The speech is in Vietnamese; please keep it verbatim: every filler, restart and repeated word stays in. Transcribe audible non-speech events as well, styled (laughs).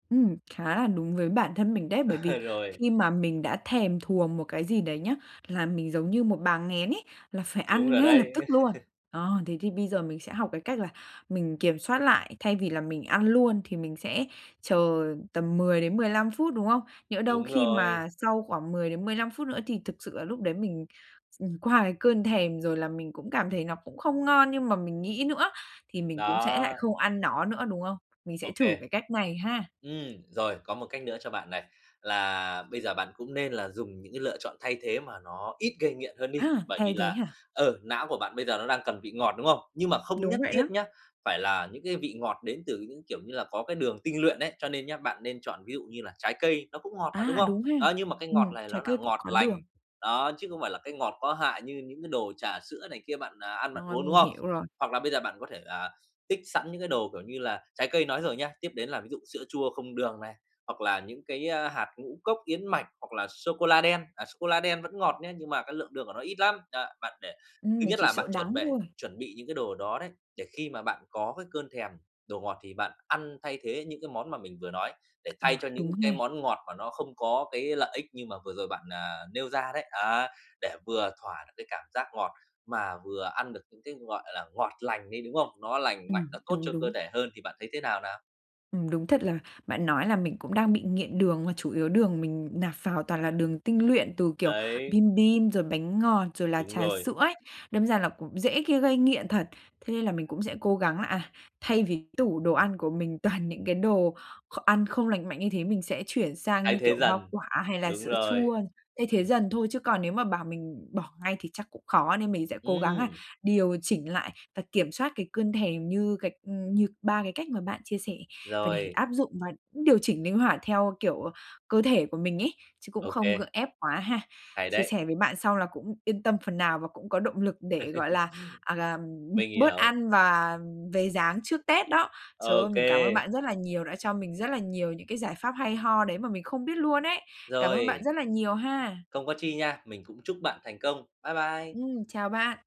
Ừm, khá là đúng với bản thân mình đấy, bởi vì Ờ, rồi. khi mà mình đã thèm thuồng một cái gì đấy nhá, là mình giống như một bà nghén ấy, là phải Đúng ăn rồi ngay lập đấy. tức luôn. (laughs) Ờ, thế thì bây giờ mình sẽ học cái cách là mình kiểm soát lại thay vì là mình ăn luôn thì mình sẽ chờ tầm mười đến mười lăm phút, đúng không? Nhỡ đâu Đúng khi rồi. mà sau khoảng mười đến mười lăm phút nữa thì thực sự là lúc đấy mình mình qua cái cơn thèm rồi là mình cũng cảm thấy nó cũng không ngon như mà mình nghĩ nữa, thì mình cũng sẽ lại Đó. không ăn nó nữa, đúng không? Mình Ô sẽ thử kê. cái cách này ha. Ừm, rồi có một cách nữa cho bạn này, là bây giờ bạn cũng nên là dùng những cái lựa chọn thay thế mà nó ít gây nghiện hơn đi, À, bởi vì thay thế là, hả? ờ, não của bạn bây giờ nó đang cần vị ngọt, đúng không? Nhưng mà không Đúng nhất vậy đó. thiết nhá, phải là những cái vị ngọt đến từ những, kiểu như là, có cái đường tinh luyện ấy, cho nên nhá, bạn nên chọn ví dụ như là trái cây nó cũng ngọt mà, đúng À, không? đúng ha. Đó, nhưng mà cái Ừm, ngọt này nó trái là cây cũng ngọt có đường. lành, đó, chứ không phải là cái ngọt có hại như những cái đồ trà sữa này kia bạn, à, ăn, bạn Rồi, uống, đúng mình không? hiểu rồi. Hoặc là bây giờ bạn có thể, à, tích sẵn những cái đồ kiểu như là trái cây nói rồi nhé, tiếp đến là ví dụ sữa chua không đường này hoặc là những cái, a, hạt ngũ cốc yến mạch hoặc là sô cô la đen, à, sô cô la đen vẫn ngọt nhé, nhưng mà cái lượng đường của nó ít lắm. Đó, bạn để Ừm, ít mình nhất chỉ là sợ bạn chuẩn đắng bể thôi. chuẩn bị những cái đồ đó đấy, để khi mà bạn có cái cơn thèm đồ ngọt thì bạn ăn thay thế những cái món mà mình vừa nói, để thay À, cho những đúng ha. cái món ngọt mà nó không có cái lợi ích như mà vừa rồi bạn, à, nêu ra đấy. Đó, để vừa thỏa được cái cảm giác ngọt mà vừa ăn được những cái, gọi là, ngọt lành ấy, đúng không? Nó lành mạnh, Ừm, nó tốt đúng, cho cơ đúng. thể hơn thì bạn thấy thế nào nào? Ừm, đúng thật là bạn nói là mình cũng đang bị nghiện đường, mà chủ yếu đường mình nạp vào toàn là đường tinh luyện từ, kiểu, Đấy. bim bim, rồi bánh ngọt, rồi là Đúng trà rồi. sữa ấy, đâm ra là cũng dễ, kia gây nghiện thật. Thế là mình cũng sẽ cố gắng là, à, thay vì cái tủ đồ ăn của mình toàn những cái đồ kh ăn không lành mạnh như thế mình sẽ chuyển sang, Thay như thế kiểu, hoa dần, quả hay là đúng sữa rồi. chua. Thay Ừm. thế dần thôi chứ còn nếu mà bảo mình bỏ ngay thì chắc cũng khó nên mình sẽ cố gắng á Ừm! điều chỉnh lại và kiểm soát cái cơn thèm như cái ừm, như ba cái cách mà bạn chia sẻ và để Rồi. áp dụng và cũng điều chỉnh linh hoạt theo, kiểu, cơ thể của mình ấy, chứ cũng Ô không gượng kê. ép quá ha. Hay Chia đấy. sẻ với bạn xong là cũng yên tâm phần nào và cũng có động lực để, gọi (laughs) là, à, ừm, Mình bớt hiểu. ăn và về dáng trước Tết đó. Ô Trời ơi, mình cảm ơn kê. bạn rất là nhiều, đã cho mình rất là nhiều những cái giải pháp hay ho đấy mà mình không biết luôn ấy. Cảm ơn bạn Rồi. rất là nhiều ha. Không có chi nha, mình cũng chúc bạn thành công. Bye bye. Ừm, chào bạn.